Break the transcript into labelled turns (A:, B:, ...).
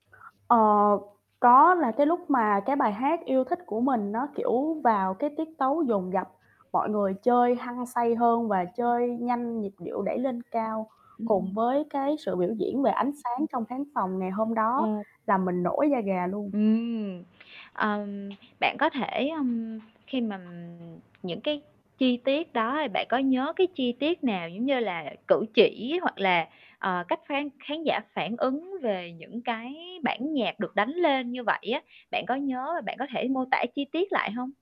A: Ờ, có. Là cái lúc mà cái bài hát yêu thích của mình nó, kiểu, vào cái tiết tấu dồn dập, mọi người chơi hăng say hơn và
B: Ừm.
A: chơi nhanh, nhịp điệu đẩy lên cao,
B: Ừm.
A: cùng với cái sự biểu diễn về ánh sáng trong khán phòng ngày hôm đó,
B: Ờ.
A: làm mình nổi da gà luôn.
B: Ừm, ờm, bạn có thể, ưm, khi mà, ừm, những cái chi tiết đó thì bạn có nhớ cái chi tiết nào, giống như là, cử chỉ hoặc là, ờ, cách phán khán giả phản ứng về những cái bản nhạc được đánh lên như vậy á, bạn có nhớ rồi bạn có thể mô tả chi tiết lại hông?